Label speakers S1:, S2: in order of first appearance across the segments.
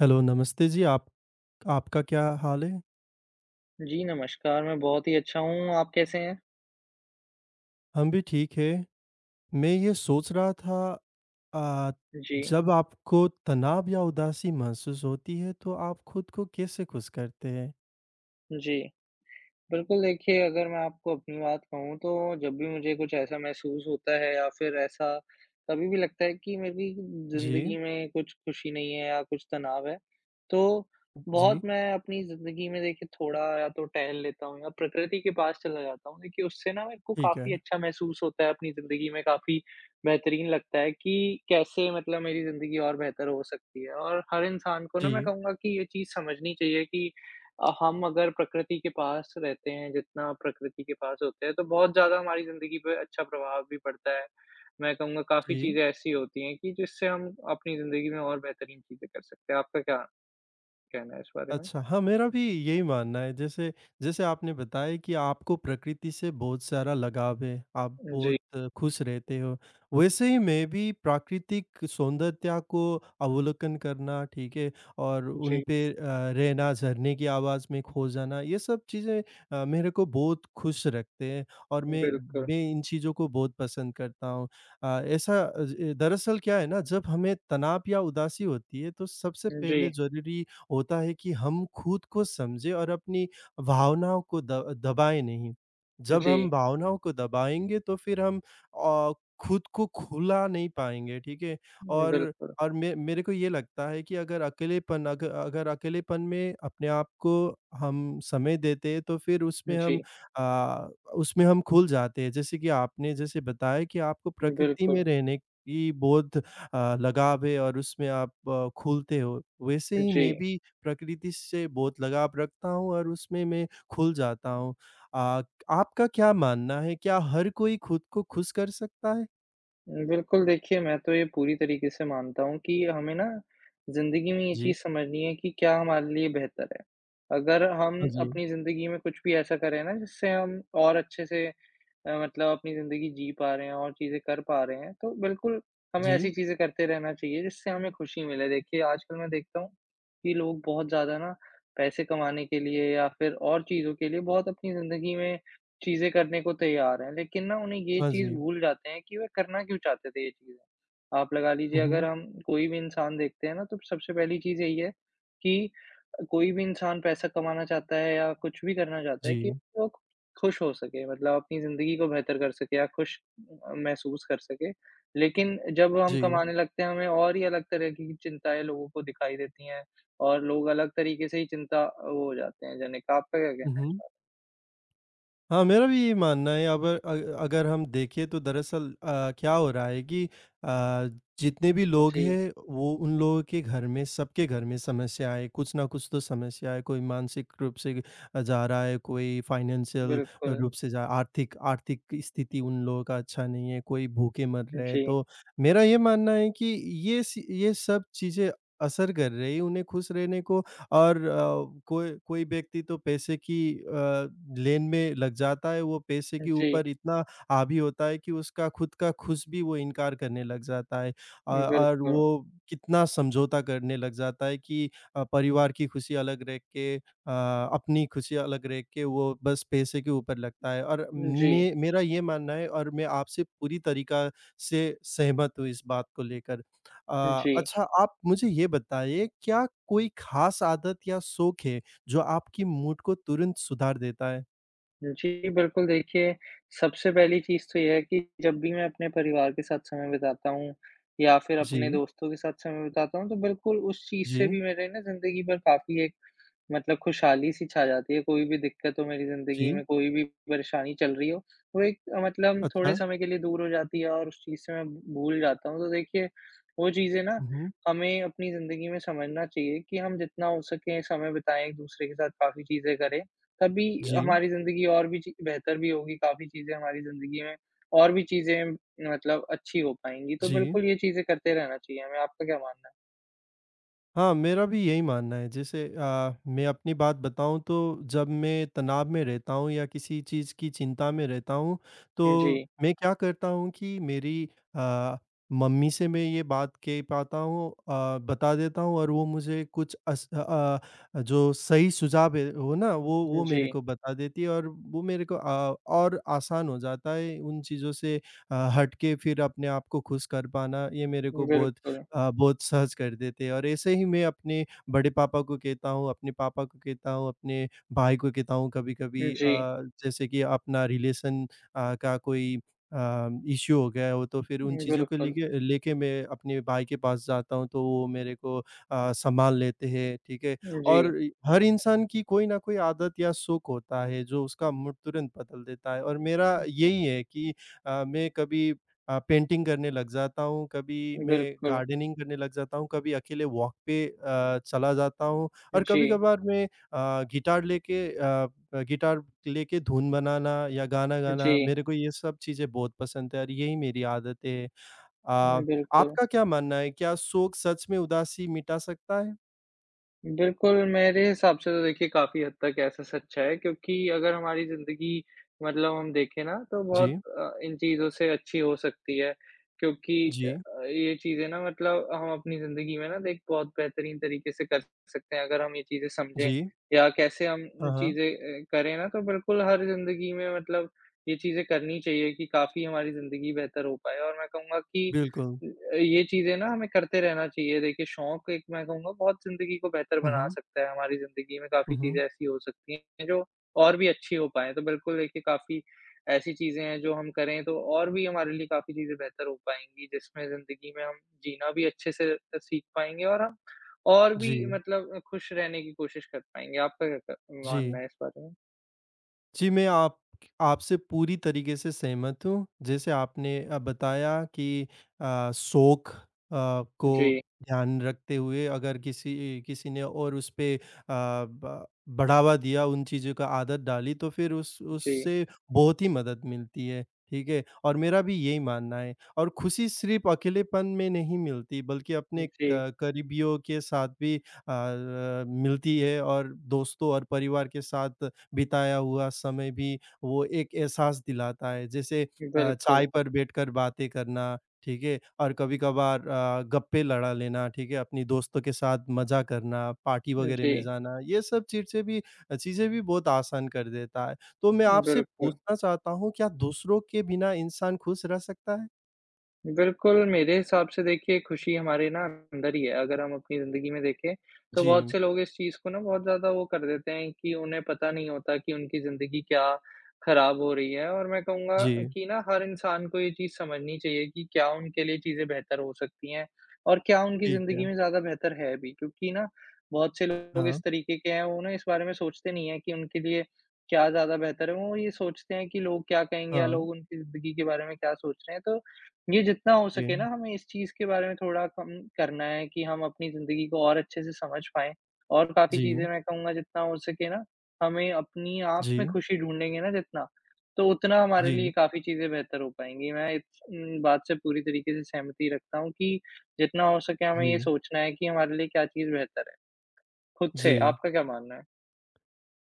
S1: Hello, नमस्ते जी! आप आपका क्या हाल है?
S2: जी, नमस्कार! मैं बहुत ही अच्छा हूँ। आप कैसे हैं?
S1: हम भी ठीक हैं। मैं ये सोच रहा था अ,
S2: जी।
S1: जब आपको तनाव या उदासी महसूस होती है, तो आप खुद को कैसे खुश करते हैं?
S2: जी। बिल्कुल, देखिए अगर मैं आपको अपनी बात कहूँ, तो जब भी मुझे कुछ ऐसा महसूस होता है, या फिर ऐसा कभी भी लगता है कि मेरी
S1: जी।
S2: ज़िंदगी में कुछ खुशी नहीं है या कुछ तनाव है, तो बहुत
S1: जी।
S2: मैं अपनी ज़िंदगी में देखिए थोड़ा या तो टहल लेता हूँ या प्रकृति के पास चला जाता हूँ। देखिए, उससे ना मेरे को
S1: ठीक
S2: काफ़ी
S1: है।
S2: अच्छा महसूस होता है, अपनी ज़िंदगी में काफ़ी बेहतरीन लगता है कि कैसे मतलब मेरी ज़िंदगी और बेहतर हो सकती है। और हर इंसान को ना मैं
S1: जी।
S2: कहूँगा कि ये चीज़ समझनी चाहिए कि अ, हम अगर प्रकृति के पास रहते हैं, जितना प्रकृति के पास होते हैं, तो बहुत ज़्यादा हमारी ज़िंदगी पे अच्छा प्रभाव भी पड़ता है। मैं कहूँगा, काफ़ी
S1: जी।
S2: चीज़ें ऐसी होती हैं कि जिससे हम अपनी ज़िंदगी में और बेहतरीन चीज़ें कर सकते हैं। आपका क्या कहना है इस बारे में?
S1: अच्छा, हाँ, मेरा भी यही मानना है। जैसे जैसे आपने बताया कि आपको प्रकृति से बहुत सारा लगाव है, आप
S2: उ, जी।
S1: बहुत खुश रहते हो। वैसे ही मैं भी प्राकृतिक सौंदर्यता को अवलोकन करना ठीक है, और उन
S2: जी।
S1: पे अ रहना, झरने की आवाज़ में खो जाना, ये सब चीज़ें अ, मेरे को बहुत खुश रखते हैं, और मैं,
S2: बिल्कुल।
S1: मैं इन चीज़ों को बहुत पसंद करता हूँ। अ, ऐसा अ, ज दरअसल क्या है ना, जब हमें तनाव या उदासी होती है, तो सबसे पहले
S2: जी।
S1: ज़रूरी होता है कि हम खुद को समझें और अपनी भावनाओं को द दबाएँ नहीं। जब हम
S2: जी।
S1: भावनाओं को दबाएँगे, तो फिर हम अ, खुद को खुला नहीं पाएँगे, ठीक है।
S2: हुँ,
S1: और,
S2: बिल्कुल।
S1: और मे मेरे को ये लगता है कि अगर अकेलेपन अग अगर अकेलेपन में अपने आप को हम समय देते, तो फिर उसमें
S2: उ, जी।
S1: हम अ, उसमें हम खुल जाते हैं। जैसे कि आपने जैसे बताया कि आपको प्रकृति में
S2: बिल्कुल।
S1: रहने की बहुत अ, लगाव है और उसमें आप अ, खुलते हो, वैसे
S2: अ,
S1: ही मैं
S2: जी।
S1: भी प्रकृति से बहुत लगाव रखता हूँ और उसमें मैं खुल जाता हूँ। अ, आपका क्या मानना है, क्या हर कोई खुद को खुश कर सकता है?
S2: उम, बिल्कुल, देखिए मैं तो ये पूरी तरीके से मानता हूँ कि हमें ना ज़िंदगी में ये
S1: जी।
S2: चीज़ समझनी है कि क्या हमारे लिए बेहतर है। अगर हम
S1: हाँ जी।
S2: अपनी ज़िंदगी में कुछ भी ऐसा करें ना, जिससे हम और अच्छे से अ, मतलब अपनी ज़िंदगी जी पा रहे हैं, और चीज़ें कर पा रहे हैं, तो बिल्कुल, हमें
S1: जी।
S2: ऐसी चीज़ें करते रहना चाहिए जिससे हमें खुशी मिले। देखिए, आजकल मैं देखता हूँ कि लोग बहुत ज़्यादा ना पैसे कमाने के लिए या फिर और चीज़ों के लिए बहुत अपनी ज़िंदगी में चीज़ें करने को तैयार हैं। लेकिन ना, उन्हें ये
S1: हाँ
S2: चीज़
S1: जी।
S2: भूल जाते हैं कि वे करना क्यों चाहते थे ये चीज़। आप लगा लीजिए,
S1: हुँ,
S2: अगर
S1: हुँ।
S2: हम कोई भी इंसान देखते हैं ना, तो सबसे पहली चीज़ यही है कि अ, कोई भी इंसान पैसा कमाना चाहता है या कुछ भी करना चाहता है कि
S1: जी।
S2: वो खुश हो सके, मतलब अपनी ज़िंदगी को बेहतर कर सके या खुश अ अ, महसूस कर सके। लेकिन जब हम
S1: जी।
S2: कमाने लगते हैं, हमें और ही अलग तरह की की चिंताएँ लोगों को दिखाई देती हैं, और लोग अलग तरीके से ही चिंता वो हो जाते हैं, जनिक। आप क्या
S1: हुँ,
S2: कहना है इस
S1: हुँ।
S2: बार?
S1: हाँ, मेरा भी ये मानना है। अबर अग अगर हम देखें, तो दरअसल अ, क्या हो रहा है कि अ, जितने भी लोग
S2: जी।
S1: हैं, वो उन लोगों के घर में, सबके घर में समस्या है, कुछ ना कुछ तो समस्या है, कोई मानसिक रूप से अ, जा रहा है, कोई फाइनेंशियल
S2: बिल्कुल।
S1: रूप से जा आर्थिक आर्थिक स्थिति उन लोगों का अच्छा नहीं है, कोई भूखे मर रहे हैं।
S2: जी।
S1: तो मेरा ये मानना है कि ये सी ये सब चीज़ें असर कर रही हैं उन्हें खुश रहने को और अ, कोई कोई व्यक्ति तो पैसे की अ, लेन में लग जाता है, वो पैसे के ऊपर
S2: जी।
S1: इतना हावी होता है कि उसका खुद का खुश भी वो इनकार करने लग जाता है, अ और
S2: बिल्कुल।
S1: वो कितना समझौता करने लग जाता है कि अ, परिवार की खुशी अलग रख के अ, अपनी खुशी अलग रख के, वो बस पैसे के ऊपर लगता है और
S2: उम, जी।
S1: मे मेरा ये मानना है, और मैं आपसे पूरी तरीका से सहमत हूँ इस बात को लेकर।
S2: उम,
S1: अ,
S2: जी।
S1: अच्छा आप मुझे ये बताइए, क्या कोई खास आदत या शौक है, जो आपकी मूड को तुरंत सुधार देता है?
S2: जी, बिल्कुल, देखिए, सबसे पहली चीज़ तो ये है कि जब भी मैं अपने परिवार के साथ समय बिताता हूँ या फिर अपने
S1: जी।
S2: दोस्तों के साथ समय बिताता हूँ तो बिल्कुल उस चीज़ से
S1: जी।
S2: भी मेरे ना ज़िंदगी पर काफ़ी एक मतलब खुशहाली-सी छा जाती है। कोई भी दिक्कत हो मेरी ज़िंदगी
S1: जी।
S2: में, कोई भी परेशानी चल रही हो, वो एक मतलब थोड़े
S1: अच्छा।
S2: समय के लिए दूर हो जाती है और उस चीज़ से मैं भूल जाता हूँ। तो देखिए, वो चीज़ें ना
S1: उहुँ।
S2: हमें अपनी ज़िंदगी में समझना चाहिए कि हम जितना हो सके समय बिताएँ एक-दूसरे के साथ काफ़ी चीज़ें करें, तभी
S1: जी।
S2: हमारी ज़िंदगी और भी ची बेहतर भी होंगी काफ़ी चीज़ें हमारी ज़िंदगी में और भी चीज़ें मतलब अच्छी हो पाएँगी। तो
S1: जी।
S2: बिल्कुल ये चीज़ें करते रहना चाहिए हमें। आपका क्या मानना है?
S1: हाँ, मेरा भी यही मानना है। जैसे अ, मैं अपनी बात बताऊँ तो जब मैं तनाव में रहता हूँ या किसी चीज़ की चिंता में रहता हूँ,
S2: उम,
S1: तो
S2: जी।
S1: मैं क्या करता हूँ कि मेरी अ, मम्मी से मैं ये बात कह पाता हूँ अ, बता देता हूँ और वो मुझे कुछ अस अ अ, जो सही सुझाव है, वो ना, वो
S2: उम,
S1: वो मेरे
S2: जी।
S1: को बता देती है और वो मेरे को अ, और आसान हो जाता है उन चीज़ों से अ, हट के फिर अपने आप को खुश कर पाना। ये मेरे को
S2: उम,
S1: बहुत
S2: बिल्कुल।
S1: अ, बहुत सहज कर देते हैं और ऐसे ही मैं अपने बड़े पापा को कहता हूँ, अपने पापा को कहता हूँ, अपने भाई को कहता हूँ।
S2: उम,
S1: कभी-कभी अ,
S2: जी।
S1: जैसे कि अपना रिलेशन अ, का कोई अ, इश्यू हो गया हो तो फिर उन
S2: उम,
S1: चीज़ों को
S2: बिल्कुल।
S1: लेके अ, लेके मैं अपने भाई के पास जाता हूँ तो वो मेरे को अ, संभाल लेते हैं। ठीक है?
S2: उम,
S1: और
S2: जी।
S1: इ हर इंसान की कोई ना कोई आदत या शौक होता है, जो उसका मूड तुरंत बदल देता है और मेरा
S2: हुँ।
S1: यही है कि अ, मैं कभी अ, पेंटिंग करने लग जाता हूँ, कभी मैं
S2: बिल्कुल।
S1: गार्डनिंग करने लग जाता हूँ। कभी अकेले वॉक पे अ, चला जाता हूँ और
S2: जी।
S1: कभी-कभार मैं अ, गिटार लेके अ अ, गिटार लेके धुन बनाना या गाना गाना,
S2: जी।
S1: मेरे को ये सब चीज़ें बहुत पसंद हैं और यही मेरी आदतें हैं। अ,
S2: उम, बिल्कुल।
S1: आपका क्या मानना है, क्या शौक सच में उदासी मिटा सकता है?
S2: बिल्कुल, मेरे हिसाब से तो देखिए, काफ़ी हद तक ऐसा सच है क्योंकि अगर हमारी ज़िंदगी मतलब हम देखें ना, तो बहुत
S1: जी।
S2: अ, इन चीज़ों से अच्छी हो सकती है क्योंकि अ
S1: जी।
S2: अ, ये चीज़ें ना मतलब हम अपनी ज़िंदगी में ना एक बहुत बेहतरीन तरीके से कर सकते हैं अगर हम ये चीज़ें समझें।
S1: जी।
S2: या कैसे हम
S1: हाँ,
S2: अ,
S1: हाँ।
S2: चीज़ें अ, करें ना, तो बिल्कुल हर ज़िंदगी में मतलब ये चीज़ें करनी चाहिए कि काफ़ी हमारी ज़िंदगी बेहतर हो पाए, और मैं कहूँगा कि
S1: बिल्कुल।
S2: अ, ये चीज़ें ना हमें करते रहना चाहिए। देखिए, शौक एक मैं कहूँगा बहुत ज़िंदगी को बेहतर
S1: हुँ,
S2: बना
S1: हुँ।
S2: सकता है, हमारी ज़िंदगी में
S1: हुँ,
S2: काफ़ी
S1: हुँ।
S2: चीज़ें ऐसी हो सकती हैं जो और भी अच्छी हो पाएँ। तो बिल्कुल, देखिए काफ़ी ऐसी चीज़ें हैं जो हम करें, तो और भी हमारे लिए काफ़ी चीज़ें बेहतर हो पाएँगी, जिसमें ज़िंदगी में हम जीना भी अच्छे से अ, सीख पाएँगे, और हम और भी
S1: जी।
S2: मतलब अ, खुश रहने की कोशिश कर पाएँगे। आपका कैसा मानना
S1: जी।
S2: है इस बात में?
S1: जी, मैं आप आपसे पूरी तरीके से सहमत हूँ। जैसे आपने अ, बताया कि अ, शौक अ, को
S2: जी।
S1: ध्यान रखते हुए अगर किसी इ किसी ने और उस पे अ, ब बढ़ावा दिया उन चीज़ों का आदत डाली, तो फिर उस
S2: जी।
S1: उससे बहुत ही मदद मिलती है, ठीक है, और मेरा भी यही मानना है। और खुशी सिर्फ़ अकेलेपन में नहीं मिलती, बल्कि अपने
S2: हुँ, जी।
S1: क करीबियों के साथ भी अ अ अ, मिलती है, और दोस्तों और परिवार के साथ बिताया हुआ समय भी वो एक एहसास दिलाता है। जैसे अ, चाय
S2: बिल्कुल।
S1: पर बैठकर बातें करना, ठीक है, और कभी-कभार अ, गप्पे लड़ा लेना, ठीक है, अपनी दोस्तों के साथ मज़ा करना, पार्टी वग़ैरह में
S2: जी।
S1: जाना, ये सब चीज़ से भी अ, चीज़ें भी बहुत आसान कर देता है। तो मैं आपसे
S2: बिल्कुल।
S1: पूछना चाहता हूँ, क्या दूसरों के बिना इंसान खुश रह सकता है?
S2: बिल्कुल, मेरे हिसाब से देखिए खुशी हमारे ना अंदर ही है। अगर हम अपनी ज़िंदगी में देखें, तो बहुत
S1: जी।
S2: से लोग इस चीज़ को ना बहुत ज़्यादा वो कर देते हैं कि उन्हें पता नहीं होता कि उनकी ज़िंदगी क्या ख़राब हो रही है और मैं कहूँगा
S1: जी।
S2: कि ना हर इंसान को ये चीज़ समझनी चाहिए कि क्या उनके लिए चीज़ें बेहतर हो सकती हैं और क्या उनकी
S1: ठीक
S2: ज़िंदगी
S1: है।
S2: में ज़्यादा बेहतर है अभी क्योंकि ना, बहुत से लोग
S1: हाँ।
S2: इस तरीके के हैं, वो ना इस बारे में सोचते नहीं हैं कि उनके लिए क्या ज़्यादा बेहतर है। वो ये सोचते हैं कि लोग क्या कहेंगे या
S1: हाँ।
S2: लोग उनकी ज़िंदगी के बारे में क्या सोच रहे हैं। तो, ये जितना हो सके ना,
S1: जी।
S2: हमें इस चीज़ के बारे में थोड़ा कम करना है कि हम अपनी ज़िंदगी को और अच्छे से समझ पाएँ और काफ़ी चीज़ें
S1: जी।
S2: मैं कहूँगा जितना हो सके ना, हमें अपनी आप में
S1: जी।
S2: खुशी ढूँढ़ेंगे ना जितना, तो उतना हमारे लिए
S1: जी।
S2: काफ़ी चीज़ें बेहतर हो पाएँगी। मैं इस उम, बात से पूरी तरीके से सहमति रखता हूँ कि जितना हो सके हमें ये
S1: जी।
S2: सोचना है कि हमारे लिए क्या चीज़ बेहतर है, खुद से।
S1: जी।
S2: आपका क्या मानना है?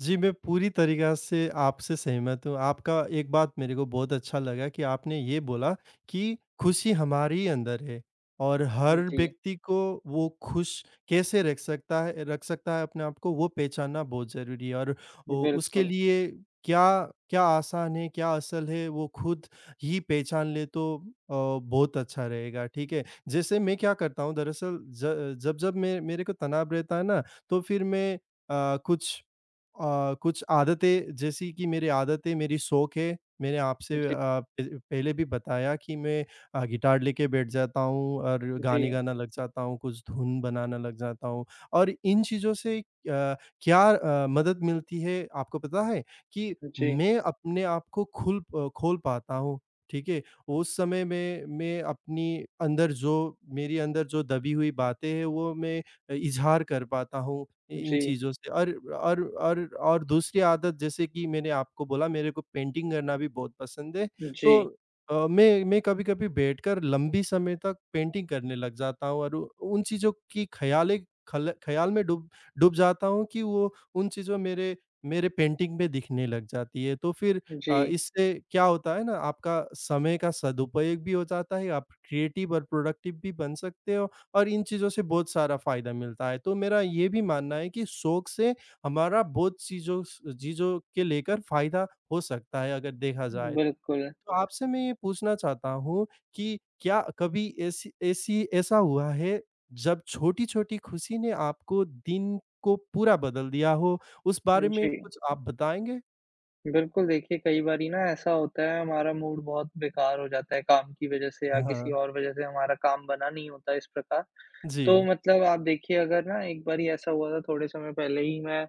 S1: जी, मैं पूरी तरीका से आपसे सहमत हूँ। आपका एक बात मेरे को बहुत अच्छा लगा कि आपने ये बोला, कि खुशी हमारी अंदर है और हर
S2: हुँ जी।
S1: व्यक्ति को वो खुश कैसे रख सकता है अ, रख सकता है अपने आप को, वो पहचानना बहुत ज़रूरी है और उ उसके
S2: बिल्कुल।
S1: लिए क्या क्या आसान है, क्या असल है, वो खुद ही पहचान ले तो अ, बहुत अच्छा रहेगा। ठीक है? जैसे मैं क्या करता हूँ दरअसल ज जब-जब मे मेरे को तनाव रहता है ना, तो फिर मैं अ, कुछ अ, कुछ आदतें जैसी कि मेरे आदतें मेरी शौक हैं, मैंने
S2: हाँ
S1: आपसे अ,
S2: जी।
S1: प पहले भी बताया कि मैं अ, गिटार लेके बैठ जाता हूँ और
S2: उ,
S1: गाने
S2: जी।
S1: गाना लग जाता हूँ। कुछ धुन बनाना लग जाता हूँ और इन चीज़ों से अ, क्या अ, मदद मिलती है आपको पता है, कि
S2: जी।
S1: मैं अपने आप को खुल प खोल पाता हूँ। ठीक है? उस समय मैं मैं अपनी अंदर जो मेरी अंदर जो दबी हुई बातें हैं, वो मैं अ, इज़हार कर पाता हूँ इन
S2: जी।
S1: चीज़ों से और और और और दूसरी आदत जैसे कि मैंने आपको बोला मेरे को पेंटिंग करना भी बहुत पसंद है। तो
S2: जी।
S1: अ, मैं मैं कभी-कभी बैठकर लंबी समय तक पेंटिंग करने लग जाता हूँ और वो उन चीज़ों की ख़यालें खल ख़्याल में डूब डूब जाता हूँ कि वो उन चीज़ों मेरे मेरे पेंटिंग में दिखने लग जाती हैं। तो फिर अ,
S2: जी।
S1: इससे क्या होता है ना, आपका समय का सदुपयोग भी हो जाता है, आप क्रिएटिव और प्रोडक्टिव भी बन सकते हो और इन चीज़ों से बहुत सारा फ़ायदा मिलता है। तो मेरा ये भी मानना है कि शौक से हमारा बहुत चीज़ों स चीज़ों के लेकर फ़ायदा हो सकता है, अगर देखा जाए।
S2: बिल्कुल।
S1: तो आपसे मैं ये पूछना चाहता हूँ कि क्या कभी ऐसी ऐसी ऐसा हुआ है, जब छोटी-छोटी खुशी ने आपको दिन को पूरा बदल दिया हो? उस
S2: हुँ,
S1: बारे में
S2: जी।
S1: कुछ आप बताएँगे?
S2: बिल्कुल, देखिए कई बारी ना ऐसा होता है हमारा मूड बहुत बेकार हो जाता है काम की वज़ह से या
S1: हाँ,
S2: किसी
S1: हाँ।
S2: और वज़ह से हमारा काम बना नहीं होता इस प्रकार। तो
S1: जी।
S2: मतलब आप देखिए अगर ना एक बारी ऐसा हुआ था थोड़े समय पहले ही मैं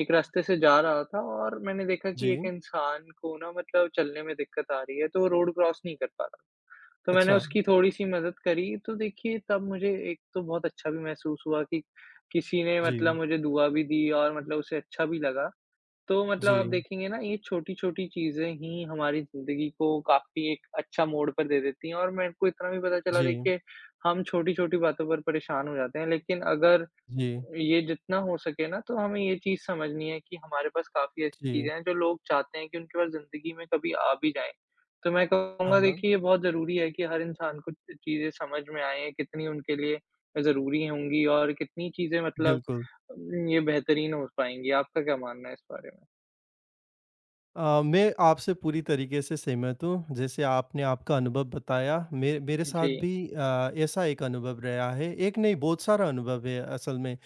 S2: एक रास्ते से जा रहा था और मैंने देखा कि एक
S1: जी।
S2: इंसान को ना मतलब चलने में दिक्कत आ रही है, तो रोड क्रॉस नहीं कर पा रहा। तो मैंने
S1: अच्छा।
S2: उसकी थोड़ी-सी मदद करी तो देखिए तब मुझे एक तो बहुत अच्छा भी महसूस हुआ कि किसी ने
S1: जी।
S2: मतलब मुझे दुआ भी दी और मतलब उसे अच्छा भी लगा। तो मतलब आप
S1: जी।
S2: देखेंगे ना ये छोटी-छोटी चीज़ें ही हमारी ज़िंदगी को काफ़ी एक अच्छा मोड़ पर दे देती हैं और मैंने को इतना भी पता चला
S1: जी।
S2: देखिए हम छोटी-छोटी बातों पर परेशान हो जाते हैं, लेकिन अगर
S1: जी।
S2: ये जितना हो सके ना तो हमें ये चीज़ समझनी है कि हमारे पास काफ़ी ऐसी
S1: जी।
S2: चीज़ें हैं, जो लोग चाहते हैं कि उनके पास ज़िंदगी में कभी आ भी जाएँ। तो मैं
S1: हाँ,
S2: कहूँगा
S1: हाँ।
S2: देखिए ये बहुत ज़रूरी है कि हर इंसान को चीज़ें समझ में आएँ कितनी उनके लिए ज़रूरी होंगी और कितनी चीज़ें मतलब
S1: बिल्कुल।
S2: अम, ये बेहतरीन हो पाएँगी। आपका क्या मानना है इस बारे में?
S1: अ, मैं आपसे पूरी तरीके से सहमत हूँ। जैसे आपने आपका अनुभव बताया मे मेरे साथ
S2: जी।
S1: भी अ, ऐसा एक अनुभव रहा है। एक नहीं बहुत सारा अनुभव है असल में। अ,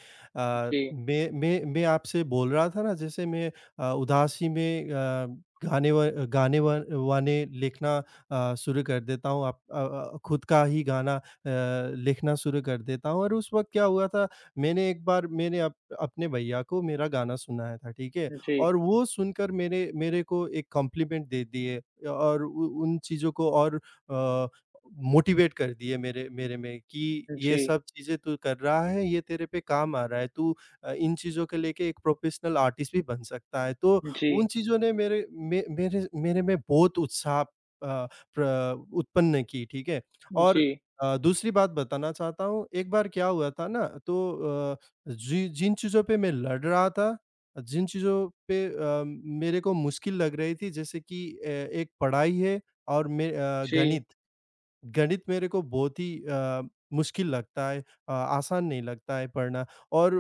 S2: जी।
S1: मैं मैं मैं आपसे बोल रहा था ना जैसे मैं अ, उदासी में अ, गाने व गाने व वाने लिखना अ, शुरू कर देता हूँ। आप अ अ, खुद का ही गाना अ, लिखना शुरू कर देता हूँ। और उस वक़्त क्या हुआ था मैंने एक बार मैंने अप अपने भैया को मेरा गाना सुनाया था ठीक है?
S2: उ, जी।
S1: और वो सुनकर मेरे मेरे को एक कम्प्लीमेंट दे दिए और उ उन चीज़ों को और अ, मोटिवेट कर दिए मेरे मेरे में कि, "ये
S2: जी।
S1: सब चीज़ें तू कर रहा है ये तेरे पे काम आ रहा है। तू अ, इन चीज़ों को लेके एक प्रोफ़ेशनल आर्टिस्ट भी बन सकता है।" तो उन
S2: जी।
S1: चीज़ों ने मेरे मे मेरे मेरे में बहुत उत्साह। अ, प्र उत्पन्न की ठीक है और
S2: जी।
S1: अ, दूसरी बात बताना चाहता हूँ एक बार क्या हुआ था ना तो अ, जी, जिन चीज़ों पे मैं लड़ रहा था। अ, जिन चीज़ों पे अ, मेरे को मुश्किल लग रही थी जैसे कि अ, एक पढ़ाई है और में अ,
S2: जी।
S1: गणित। गणित मेरे को बहुत ही अ, मुश्किल लगता है अ, आसान नहीं लगता है पढ़ना और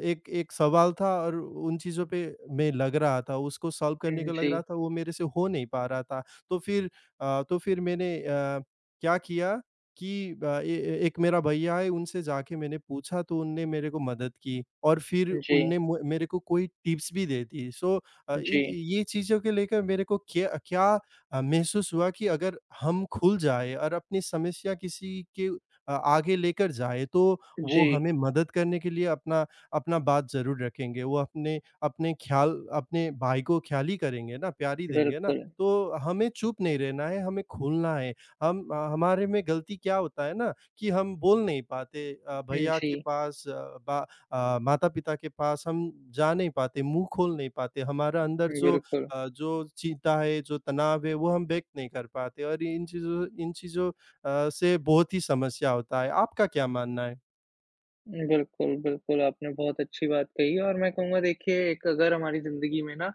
S1: अ, एक एक सवाल था और उन चीज़ों पे मैं लग रहा था उसको सॉल्व करने
S2: हुँ,
S1: को लग रहा
S2: जी।
S1: था वो मेरे से हो नहीं पा रहा था तो फिर अ, तो फिर मैंने अ, क्या किया? कि अ, ए ए एक मेरा भैया है उनसे जाके मैंने पूछा तो उन्होंने मेरे को मदद की और फिर
S2: जी।
S1: उन्होंने मु मेरे को कोई टिप्स भी दे दी। सो अ, इन
S2: जी।
S1: ये चीज़ों को लेकर मेरे को क्य क्या अ, महसूस हुआ कि अगर हम खुल जाएँ और अपनी समस्या किसी के अ, आगे लेकर जाएँ, तो वो
S2: जी।
S1: हमें मदद करने के लिए अपना अपना बात ज़रूर रखेंगे। वो अपने अपने ख़्याल अपने भाई को ख़्याल ही करेंगे ना प्यार ही देंगे ना।
S2: बिल्कुल।
S1: तो हमें चुप नहीं रहना है हमें खुलना है। हम हमारे में गलती क्या होता है ना कि हम बोल नहीं पाते अ,
S2: हुँ,
S1: भईया के
S2: जी।
S1: पास बा अ, माता-पिता के पास हम जा नहीं पाते, मुँह खोल नहीं पाते हमारा अंदर
S2: हुँ,
S1: जो
S2: बिल्कुल।
S1: अ, जो चिंता है जो तनाव है, वो हम व्यक्त नहीं कर पाते और इन चीज़ों इन चीज़ों अ, से बहुत ही समस्या होता है। आपका क्या मानना है?
S2: बिल्कुल, बिल्कुल आपने बहुत अच्छी बात कही। और मैं कहूँगा देखिए एक अगर हमारी ज़िंदगी में ना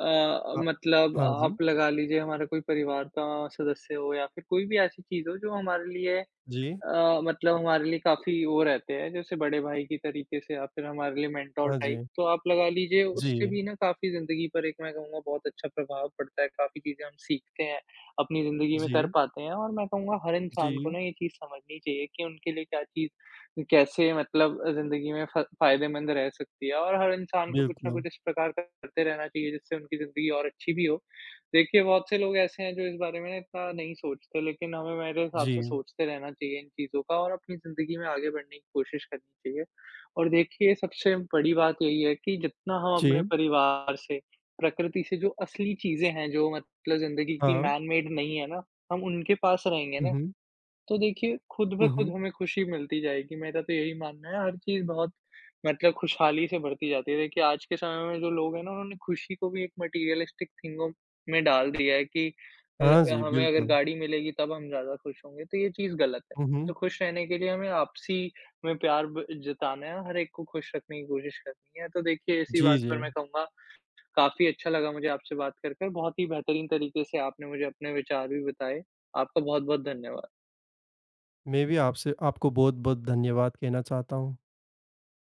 S2: अ,
S1: हाँ।
S2: मतलब
S1: हाँ जी।
S2: आप लगा लीजिए हमारा कोई परिवार का सदस्य हो या फिर कोई भी ऐसी चीज़ हो जो हमारे लिए
S1: जी।
S2: अ, मतलब हमारे लिए काफ़ी वो रहते हैं, जैसे बड़े भाई की तरीके से आप फिर हमारे लिए मेन्टर
S1: हाँ
S2: टाइप।
S1: जी।
S2: तो आप लगा लीजिए उससे
S1: जी।
S2: भी ना काफ़ी ज़िंदगी पर एक मैं कहूँगा बहुत अच्छा प्रभाव पड़ता है, काफ़ी चीज़ें हम सीखते हैं, अपनी ज़िंदगी में कर
S1: जी।
S2: पाते हैं और मैं कहूँगा हर इंसान को ना
S1: जी।
S2: ये चीज़ समझनी चाहिए कि उनके लिए क्या चीज़ कैसे मतलब ज़िंदगी में फ़ा फ़ायदेमंद रह सकती है और हर इंसान को कुछ न
S1: बिल्कुल।
S2: कुछ इस प्रकार का करते रहना चाहिए जिससे उनकी ज़िंदगी और अच्छी भी हो। देखिए बहुत से लोग ऐसे हैं जो इस बारे में ना इतना नहीं सोचते। लेकिन हमें मेरे हिसाब से
S1: जी।
S2: सोचते रहना चाहिए इन चीज़ों का और अपनी ज़िंदगी में आगे बढ़ने की कोशिश करनी चाहिए। और देखिए सबसे बड़ी बात यही है कि जितना हम अपने
S1: जी।
S2: परिवार से प्रकृति से जो असली चीज़ें हैं जो मतलब ज़िंदगी की
S1: हाँ।
S2: मैन मेड नहीं है ना हम उनके पास रहेंगे
S1: हुँ,
S2: ना।
S1: हुँ।
S2: तो देखिए खुद पे
S1: हुँ,
S2: खुद
S1: हुँ।
S2: होंगे खुशी मिलती जाएगी। मैं तो यही मान हूँ हर चीज़ बहुत मतलब खुशहाली से बढ़ती जाती है। देखिए आज के समय में जो लोग हैं ना उन्होंने खुशी को भी एक मैटेरियलिस्टिक चीज़ों में डाल दिया है कि अ,
S1: हाँ जी।
S2: हमें अगर
S1: बिल्कुल।
S2: गाड़ी मिलेगी तब हम ज़्यादा खुश होंगे तो ये चीज़ गलत है।
S1: हुँ,
S2: तो
S1: हुँ।
S2: खुश रहने के लिए हमें आपसी में प्यार ब जताना है, हर एक को खुश रखने की कोशिश करनी है। तो देखिए इसी
S1: जी,
S2: बात पर मैं
S1: जी।
S2: कहूँगा काफ़ी अच्छा लगा मुझे आपसे बात करके। बहुत ही बेहतरीन तरीके से आपने मुझे अपने विचार भी बताए। आपका बहुत-बहुत धन्यवाद।
S1: मैं भी आपसे आपको बहुत-बहुत धन्यवाद कहना चाहता हूँ।